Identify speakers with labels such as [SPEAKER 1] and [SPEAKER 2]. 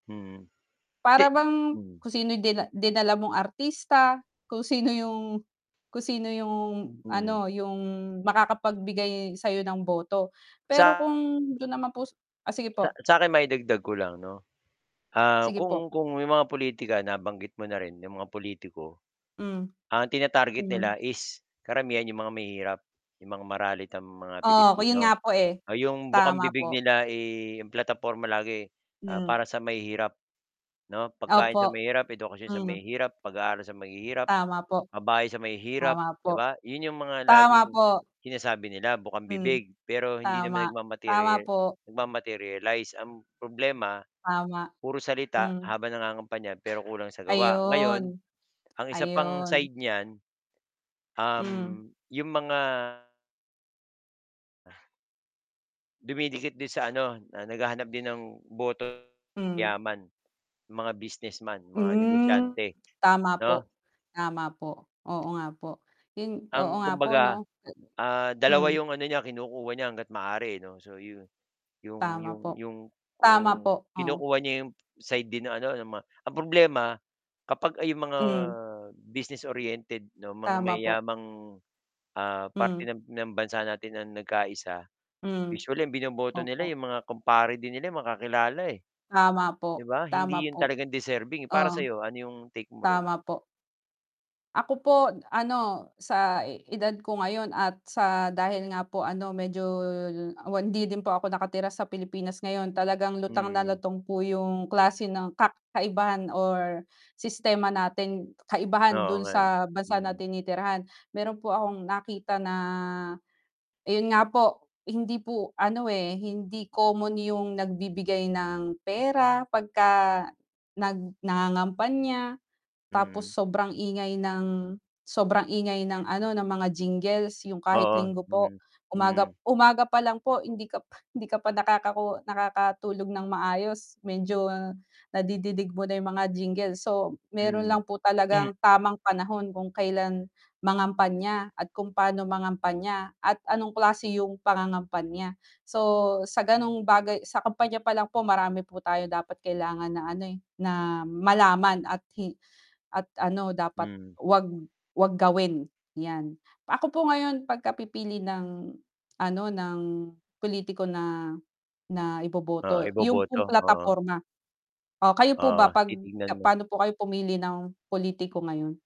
[SPEAKER 1] Mhm. 'Di
[SPEAKER 2] Para bang
[SPEAKER 1] hmm.
[SPEAKER 2] kung sino yung dina dinala mong artista, kung sino yung kung sino yung
[SPEAKER 1] Mm.
[SPEAKER 2] ano, yung makakapagbigay sayo ng boto, pero
[SPEAKER 1] Sa
[SPEAKER 2] kung dun naman po ah, sige
[SPEAKER 1] sa
[SPEAKER 2] po.
[SPEAKER 1] sa'kin maidagdag ko lang 'no, ah,
[SPEAKER 2] Sige po.
[SPEAKER 1] kung kung yung mga politika nabanggit mo na rin yung mga pulitiko
[SPEAKER 2] Hm.
[SPEAKER 1] ang tina-target
[SPEAKER 2] Hm.
[SPEAKER 1] nila is karamihan 'yong mga mahihirap, 'yong mga maralitang mga
[SPEAKER 2] Oo, ku
[SPEAKER 1] Pilipino,
[SPEAKER 2] yun nga po, eh,
[SPEAKER 1] ah, 'yong
[SPEAKER 2] tama
[SPEAKER 1] bukambibig
[SPEAKER 2] po.
[SPEAKER 1] nila, eh, 'yong plataporma lagi. Ah,
[SPEAKER 2] Hmm.
[SPEAKER 1] para sa mahihirap, 'no, pagkain sa
[SPEAKER 2] Opo,
[SPEAKER 1] mahirap, edukasyon sa
[SPEAKER 2] hmm.
[SPEAKER 1] mahihirap, pag-aaral sa mahihirap,
[SPEAKER 2] Tama po.
[SPEAKER 1] pabahay sa mahihirap,
[SPEAKER 2] Tama
[SPEAKER 1] 'di
[SPEAKER 2] po.
[SPEAKER 1] ba, 'yon 'yong mga
[SPEAKER 2] Tama
[SPEAKER 1] laging
[SPEAKER 2] po.
[SPEAKER 1] sinasabi nila
[SPEAKER 2] Hmm,
[SPEAKER 1] bukambibig. Pero hindi naman
[SPEAKER 2] tama, tama
[SPEAKER 1] nagma-material
[SPEAKER 2] po.
[SPEAKER 1] nag-ma-materialize, ang problema
[SPEAKER 2] Tama.
[SPEAKER 1] puro salita
[SPEAKER 2] Hmm.
[SPEAKER 1] habang nangangampanya pero kulang sa gawa. Ngayon,
[SPEAKER 2] Ayun.
[SPEAKER 1] ang isa pang
[SPEAKER 2] Ayun.
[SPEAKER 1] side niyan
[SPEAKER 2] Hmm.
[SPEAKER 1] um, yung mga dumidikit din sa ano ah, naghahanap din ng boto
[SPEAKER 2] Hmm.
[SPEAKER 1] sa yaman, mga businessman, yung mga
[SPEAKER 2] Hmm.
[SPEAKER 1] negosyante,
[SPEAKER 2] Tama
[SPEAKER 1] 'no?
[SPEAKER 2] po, tama po, oo nga po, yun oo
[SPEAKER 1] Ang
[SPEAKER 2] nga po no?
[SPEAKER 1] kumbaga ah,
[SPEAKER 2] A
[SPEAKER 1] 2
[SPEAKER 2] hmm.
[SPEAKER 1] 'yong ano niya kinukuha niya hangga't maaari, 'no so yun. 'Yong
[SPEAKER 2] Tama
[SPEAKER 1] 'yong
[SPEAKER 2] po,
[SPEAKER 1] 'yong
[SPEAKER 2] tama
[SPEAKER 1] kung
[SPEAKER 2] po, oo.
[SPEAKER 1] kinukuha niya 'yong side din ng ano mga ang problema kapag ay mga
[SPEAKER 2] Hmm.
[SPEAKER 1] business-oriented 'no, mga
[SPEAKER 2] Tama po.
[SPEAKER 1] mayayamang ah,
[SPEAKER 2] Hmm.
[SPEAKER 1] parte ng ng bansa natin ang nagkaisa,
[SPEAKER 2] Hmm.
[SPEAKER 1] usually ang binoboto nila
[SPEAKER 2] Opo.
[SPEAKER 1] yung mga kumpare din nila, eh, mga makakilala, eh.
[SPEAKER 2] Tama
[SPEAKER 1] 'Di
[SPEAKER 2] po,
[SPEAKER 1] ba
[SPEAKER 2] tama
[SPEAKER 1] hindi yun
[SPEAKER 2] po,
[SPEAKER 1] talagang deserving, para
[SPEAKER 2] oh,
[SPEAKER 1] sa'yo ano yung take mo ron?
[SPEAKER 2] tama po. Ako po n ano sa edad ko ngayon at sa dahil nga po ano medyo hindi din po ako nakatira sa Pilipinas ngayon talagang lutang na
[SPEAKER 1] Mm.
[SPEAKER 2] lutang po yung klase ng kak kaibahan or sistema natin kaibahan
[SPEAKER 1] Oo
[SPEAKER 2] dun
[SPEAKER 1] nga, eh,
[SPEAKER 2] sa bansa na
[SPEAKER 1] hmm.
[SPEAKER 2] tinitirahan, meron po akong nakita na, ayun nga po hindi po ano, eh, hindi common yung nagbibigay ng pera 'pagka nag nangangampanya, tapos
[SPEAKER 1] Mm.
[SPEAKER 2] sobrang ingay ng sobrang ingay ng ano ng mga jingles yung kahit
[SPEAKER 1] Oo,
[SPEAKER 2] linggo po,
[SPEAKER 1] hmm,
[SPEAKER 2] umaga
[SPEAKER 1] hmm.
[SPEAKER 2] umaga pa lang po hindi ka hindi ka pa nakakahu nakakatulog nang maayos, medyo nadidinig mo na yung mga jingle so, meron
[SPEAKER 1] Mm,
[SPEAKER 2] lang po
[SPEAKER 1] m
[SPEAKER 2] talagang tamang panahon kung kailan mangampanya at kung pa'no mangampanya at anong klase yung pangangampanya. So sa ganong bagay sa kampanya palang po marami po tayong dapat kailangan na ano, eh, na malaman at hi at ano dapat
[SPEAKER 1] Mhm.
[SPEAKER 2] 'wag 'wag gawin yan. Ako po ngayon pag ka pipili ng ano, ng pulitiko na, na
[SPEAKER 1] Oo,
[SPEAKER 2] iboboto yun
[SPEAKER 1] iboboto,
[SPEAKER 2] pong
[SPEAKER 1] oo.
[SPEAKER 2] plataporma o kayo po ba
[SPEAKER 1] Oo,
[SPEAKER 2] 'pag
[SPEAKER 1] titignan mo.
[SPEAKER 2] paano po kayo pumili ng pulitiko ngayon?